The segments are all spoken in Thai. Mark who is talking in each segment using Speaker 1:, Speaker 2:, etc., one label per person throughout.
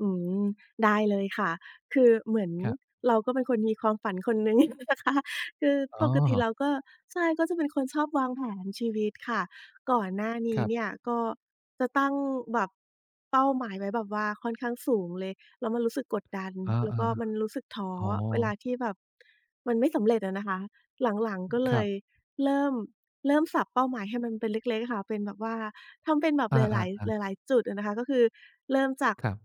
Speaker 1: อืม ได้เลยค่ะ คือเหมือน
Speaker 2: ครับ
Speaker 1: เราก็เป็นคนมีความฝันคนหนึ่ง นะคะ คือ
Speaker 2: อ๋
Speaker 1: ปกติเ
Speaker 2: อ
Speaker 1: ราก็ ใช่ ก็เป็นคนชอบวางแผนชีวิตค่ะ ก่อนหน้าน
Speaker 2: ค
Speaker 1: ี้
Speaker 2: รับ
Speaker 1: เนี่ย ก็จะตั้งแบบเป้าหมายไว้แบบว่า ค่อนข้างสูงเลย แล้วมันรู้สึกกดดัน
Speaker 2: อา
Speaker 1: แล้วก็มันรู้สึกท้อ
Speaker 2: ๆ อ๋อ
Speaker 1: เวลาที่แบบมันไม่สำเร็จอะนะคะ หลัง ๆ ก็
Speaker 2: ค
Speaker 1: เล
Speaker 2: รับ
Speaker 1: ยเริ่ม เริ่มสับเป้าหมายให้มันเป็นเล็ก ๆ อะค่ะ เป็นแบบว่าทำเป็นแบบ
Speaker 2: อ
Speaker 1: หลาย
Speaker 2: า ๆ ๆ
Speaker 1: ๆ หลาย ๆ จุดอะนะคะ ก็คือเริ่มจาก
Speaker 2: ครับ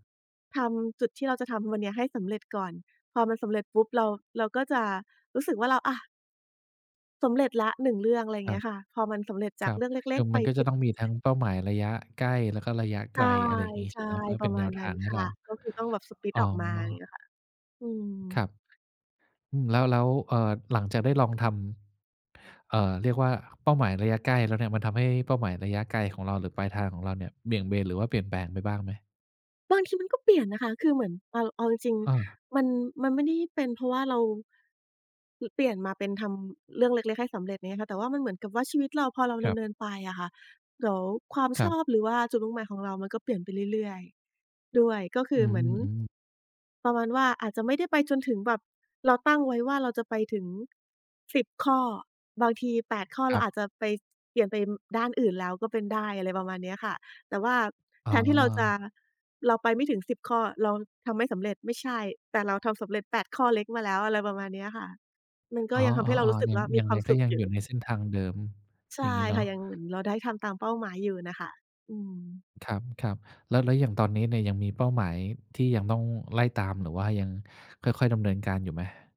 Speaker 1: ทำจุดที่เราจะทำวันเนี้ยให้สำเร็จก่อน พอมันสำเร็จปุ๊บ เรา เราก็จะรู้สึกว่า เรา อะ สำเร็จแล้ว 1 เรื่อง อะไร
Speaker 2: คร
Speaker 1: เ
Speaker 2: ั
Speaker 1: งี
Speaker 2: บ
Speaker 1: ้ยค่ะ พอมันสำเร็จจ
Speaker 2: ค
Speaker 1: า
Speaker 2: ร
Speaker 1: ก
Speaker 2: ับ
Speaker 1: เรื่องเล
Speaker 2: ค
Speaker 1: ็
Speaker 2: ื
Speaker 1: ก
Speaker 2: อ
Speaker 1: ๆ ไ
Speaker 2: ม
Speaker 1: ป
Speaker 2: ันก็จะต้องมีทั้งเป้าหมายระยะใกล้ แล้วก็ระยะไ
Speaker 1: ใช
Speaker 2: ก
Speaker 1: ่
Speaker 2: ล อะไรอย่างงี้
Speaker 1: ใ
Speaker 2: ใ
Speaker 1: ช
Speaker 2: ช่
Speaker 1: ่
Speaker 2: ไหม? เพื่อ
Speaker 1: ป
Speaker 2: เ
Speaker 1: ร
Speaker 2: ป็
Speaker 1: ะ
Speaker 2: น
Speaker 1: ม
Speaker 2: แน
Speaker 1: าณ
Speaker 2: วท
Speaker 1: นั้
Speaker 2: า
Speaker 1: น
Speaker 2: งให
Speaker 1: ค
Speaker 2: ้
Speaker 1: ่
Speaker 2: เร
Speaker 1: ะ
Speaker 2: า
Speaker 1: ก็คือต้องแบบ สปลิต
Speaker 2: อ๋อ
Speaker 1: ออกมาอย่างเงี้ยค่ะ อื
Speaker 2: คร
Speaker 1: ม
Speaker 2: ับ อืม แล้ว แล้ว เอ่อ หลังจากได้ลองทำ เอ่อ เรียกว่าเป้าหมายระยะใกล้แล้วเนี่ย มันทำให้เป้าหมายระยะไกลของเรา หรือปลายทางของเราเนี่ย เบี่ยงเบน หรือว่าเปลี่ยนแปลงไปบ้างไหม?
Speaker 1: บางทีมันก็เปลี่ยนนะคะ คือเหมือนเอา เอาจริง
Speaker 2: เออ
Speaker 1: ๆ มัน มันไม่ได้เป็นเพราะว่าเรา ป เปลี่ยนมาเป็นทำเรื่องเล็ก ๆ ให้สำเร็จอย่างเงี้ยค่ะ แต่ว่ามันเหมือนกับว่า ชีวิตเราพอเรา
Speaker 2: ค
Speaker 1: ด
Speaker 2: รั
Speaker 1: ำ
Speaker 2: บ
Speaker 1: เนินไปอะค่ะ เดี๋ยวความ
Speaker 2: คร
Speaker 1: ช
Speaker 2: ับ
Speaker 1: อบ หรือว่าจุดมุ่งหมายของเรามันก็เปลี่ยนไปเรื่อย ๆ ด้วย ก็คื
Speaker 2: อื
Speaker 1: อเหมือน
Speaker 2: ม ๆ
Speaker 1: ประมาณว่า อาจจะไม่ได้ไปจนถึงแบบเราตั้งไว้ว่า เราจะไปถึง 10 ข้อ บางที 8 ข้อ เ
Speaker 2: ค
Speaker 1: รา
Speaker 2: รับ
Speaker 1: อาจจะไป เปลี่ยนเป็นด้านอื่นแล้วก็เป็นได้ อะไรประมาณเนี้ยค่ะ แต่ว่า
Speaker 2: อ๋
Speaker 1: แทนที่เราจะ
Speaker 2: อ
Speaker 1: เราไปไม่ถึง 10 ข้อ เราทำไม่สำเร็จ ไม่ใช่ แต่เราทำสำเร็จ 8 ข้อเล็กมาแล้ว อะไรประมาณเนี้ยค่ะ มันก
Speaker 2: อ
Speaker 1: ็
Speaker 2: ๋อ
Speaker 1: ยังทำให้เรารู้
Speaker 2: ๆ
Speaker 1: สึ
Speaker 2: ๆ
Speaker 1: ก
Speaker 2: ยั
Speaker 1: ว
Speaker 2: ง
Speaker 1: ่า ม
Speaker 2: ย
Speaker 1: ี
Speaker 2: ัง
Speaker 1: ค
Speaker 2: ไ
Speaker 1: ว
Speaker 2: ง
Speaker 1: าม
Speaker 2: ก
Speaker 1: ส
Speaker 2: ็
Speaker 1: ุข
Speaker 2: ยัง
Speaker 1: อย
Speaker 2: อย
Speaker 1: ู
Speaker 2: ู
Speaker 1: ่
Speaker 2: ่ในเส้นทางเดิม
Speaker 1: ใช
Speaker 2: อย
Speaker 1: ่
Speaker 2: ่างงี้เนา
Speaker 1: ค่ะ
Speaker 2: ะ
Speaker 1: ยังเหมือนเราได้ทำตามเป้าหมายอยู่น่ะค่ะ อืม
Speaker 2: ครับ ๆ แล้ว แล้วอย่างตอนนี้เนี่ย ยังมีเป้าหมายที่ยังต้องไล่ตาม หรือว่ายังค่อย ๆ ดำเนินการอยู่ไหม?